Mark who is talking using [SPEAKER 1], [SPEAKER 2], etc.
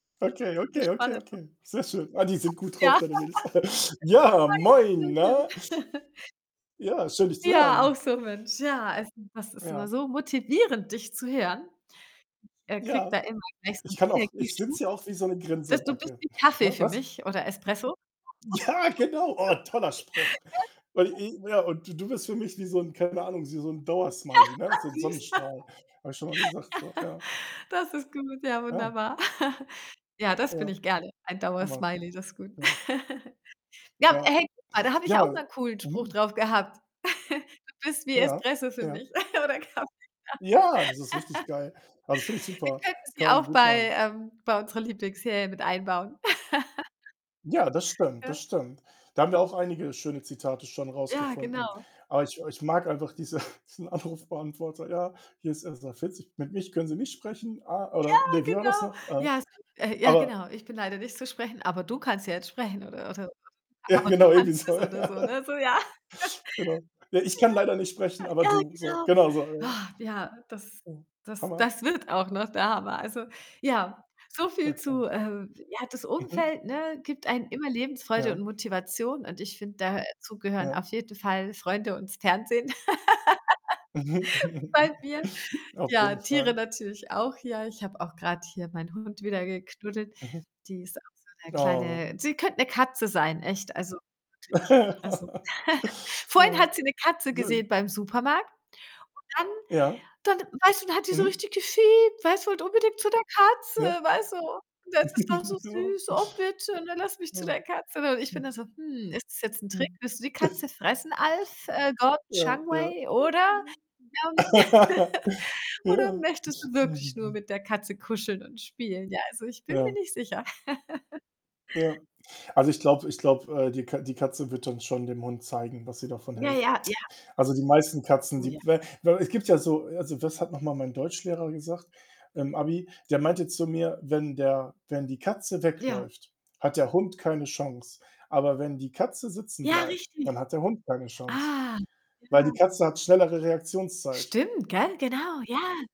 [SPEAKER 1] Okay,
[SPEAKER 2] So
[SPEAKER 1] okay, okay,
[SPEAKER 2] spannend, ne?
[SPEAKER 1] okay. Sehr schön. Ah, die sind gut
[SPEAKER 2] Ja.
[SPEAKER 1] drauf deine Mädels. Ja, moin, ne?
[SPEAKER 2] [unintelligible]
[SPEAKER 1] Ja, schön dich zu
[SPEAKER 2] Ja, auch
[SPEAKER 1] hören.
[SPEAKER 2] so, Mensch. Ja, also, das ist
[SPEAKER 1] Ja.
[SPEAKER 2] immer so motivierend, dich zu hören. Äh, kriege
[SPEAKER 1] Ja,
[SPEAKER 2] da immer gleich so
[SPEAKER 1] ich
[SPEAKER 2] 'n
[SPEAKER 1] kann auch ich sitze
[SPEAKER 2] Energieschub.
[SPEAKER 1] hier auch wie so 'ne
[SPEAKER 2] Das du bist
[SPEAKER 1] Grinsebacke
[SPEAKER 2] wie
[SPEAKER 1] hä,
[SPEAKER 2] Kaffee für
[SPEAKER 1] was?
[SPEAKER 2] mich oder Espresso.
[SPEAKER 1] Ja, genau. Oh, toller Spruch. Weil
[SPEAKER 2] [unintelligible]
[SPEAKER 1] i ja und du du bist für mich wie so 'n keine Ahnung, s wie so 'n Dauersmiley, ne, so 'n
[SPEAKER 2] Süß.
[SPEAKER 1] Sonnenstrahl. Habe ich schon mal gesagt so, ja.
[SPEAKER 2] Das ist gut. Ja,
[SPEAKER 1] Ja.
[SPEAKER 2] wunderbar. Ja, das bin
[SPEAKER 1] Ja,
[SPEAKER 2] ich gerne. Ein
[SPEAKER 1] Hammer.
[SPEAKER 2] Dauersmiley, das ist gut.
[SPEAKER 1] Ja.
[SPEAKER 2] Ja,
[SPEAKER 1] Ja.
[SPEAKER 2] hey, guck mal, da habe ich auch
[SPEAKER 1] Ja,
[SPEAKER 2] mal cool 'n Spruch
[SPEAKER 1] mhm.
[SPEAKER 2] drauf gehabt. Du bist wie
[SPEAKER 1] Ja,
[SPEAKER 2] Espresso für
[SPEAKER 1] ja.
[SPEAKER 2] mich oder Kaffee.
[SPEAKER 1] Ja, das ist richtig geil. Also, finde ich
[SPEAKER 2] Wir
[SPEAKER 1] super.
[SPEAKER 2] könnten sie
[SPEAKER 1] Kann man
[SPEAKER 2] auch
[SPEAKER 1] gut
[SPEAKER 2] bei
[SPEAKER 1] machen.
[SPEAKER 2] ähm, bei unserer Lieblings-Serie mit einbauen.
[SPEAKER 1] Ja, das stimmt, das
[SPEAKER 2] Gell?
[SPEAKER 1] stimmt. Da haben wir auch einige schöne Zitate schon
[SPEAKER 2] Ja,
[SPEAKER 1] rausgefunden,
[SPEAKER 2] genau.
[SPEAKER 1] aber ich ich mag einfach diese diesen Anrufbeantworter: „Ja, hier ist 1140, mit mich können sie nicht sprechen“. Ah,
[SPEAKER 2] Ja,
[SPEAKER 1] oder ne, wie war das
[SPEAKER 2] genau.
[SPEAKER 1] noch? Äh,
[SPEAKER 2] Ja, so äh, ja
[SPEAKER 1] aber
[SPEAKER 2] genau. Ich bin leider nicht so sprechend, aber du kannst ja jetzt sprechen oder oder oder
[SPEAKER 1] Ja,
[SPEAKER 2] aber du
[SPEAKER 1] genau, irgendwie
[SPEAKER 2] kannst es
[SPEAKER 1] so,
[SPEAKER 2] oder
[SPEAKER 1] ja.
[SPEAKER 2] so, ne? So ja.
[SPEAKER 1] Genau. „Ja, ich kann leider nicht sprechen, aber
[SPEAKER 2] Ja. Ja,
[SPEAKER 1] du.“ So,
[SPEAKER 2] genau.
[SPEAKER 1] genau so, ja, ja.
[SPEAKER 2] ja, das
[SPEAKER 1] Ja,
[SPEAKER 2] das
[SPEAKER 1] Hammer.
[SPEAKER 2] das wird auch noch der Hammer. Also, ja, so viel
[SPEAKER 1] Okay.
[SPEAKER 2] zu, ähm ja, das
[SPEAKER 1] Mhm.
[SPEAKER 2] Umfeld, ne, gibt einem immer Lebensfreude und
[SPEAKER 1] Ja.
[SPEAKER 2] Motivation und ich finde, da dazu gehören auf
[SPEAKER 1] Ja.
[SPEAKER 2] jeden Fall Freunde und's Fernsehen
[SPEAKER 1] Mhm.
[SPEAKER 2] bei mir.
[SPEAKER 1] Auf
[SPEAKER 2] Ja,
[SPEAKER 1] jeden
[SPEAKER 2] Tiere
[SPEAKER 1] Fall.
[SPEAKER 2] natürlich auch. Ja, ich habe auch grad hier meinen Hund wieder geknuddelt.
[SPEAKER 1] Mhm.
[SPEAKER 2] Die ist auch so 'ne
[SPEAKER 1] Oh.
[SPEAKER 2] kleine Sie könnt 'ne Katze sein, echt. Also, wirklich. Also, vorhin
[SPEAKER 1] Ja,
[SPEAKER 2] hat sie 'ne Katze
[SPEAKER 1] schön.
[SPEAKER 2] gesehen beim Supermarkt und dann
[SPEAKER 1] Ja.
[SPEAKER 2] dann weißt du, dann hat die so
[SPEAKER 1] Mhm.
[SPEAKER 2] richtig gefiept, weißt du, wollt unbedingt zu der Katze,
[SPEAKER 1] Ja.
[SPEAKER 2] weißt du. Das ist auch so
[SPEAKER 1] Ja.
[SPEAKER 2] süß. „Oh bitte, ne, lass mich zu
[SPEAKER 1] Ja.
[SPEAKER 2] der Katze.“ Und ich bin da
[SPEAKER 1] Hm.
[SPEAKER 2] so: „Hm, ist das jetzt 'n Trick?
[SPEAKER 1] Mhm.
[SPEAKER 2] Willst du die Katze fressen, Alf, äh, Gordon
[SPEAKER 1] Ja, ja.
[SPEAKER 2] Changwei oder, ähm oder
[SPEAKER 1] Ja.
[SPEAKER 2] möchtest du wirklich nur mit der Katze kuscheln und spielen?“ Ja, also, ich bin mir
[SPEAKER 1] Ja.
[SPEAKER 2] nicht sicher.
[SPEAKER 1] Ja. Also, ich glaube ich glaube, äh, die Ka die Katze wird dann schon dem Hund zeigen, was sie davon
[SPEAKER 2] Ja,
[SPEAKER 1] hält.
[SPEAKER 2] ja, ja.
[SPEAKER 1] Also, die meisten Katzen,
[SPEAKER 2] Oh,
[SPEAKER 1] die
[SPEAKER 2] ja.
[SPEAKER 1] weil weil es gibt ja so also, das hat noch mal mein Deutschlehrer gesagt? Im Abi, der meinte zu mir: „Wenn der wenn die Katze
[SPEAKER 2] Ja.
[SPEAKER 1] wegläuft, hat der Hund keine Chance. Aber wenn die Katze sitzen
[SPEAKER 2] Ja,
[SPEAKER 1] bleibt, dann
[SPEAKER 2] richtig.
[SPEAKER 1] hat der Hund keine Chance.“
[SPEAKER 2] Ah,
[SPEAKER 1] Weil
[SPEAKER 2] ja.
[SPEAKER 1] die Katze hat schnellere Reaktionszeit.
[SPEAKER 2] Stimmt, gell? Genau, ja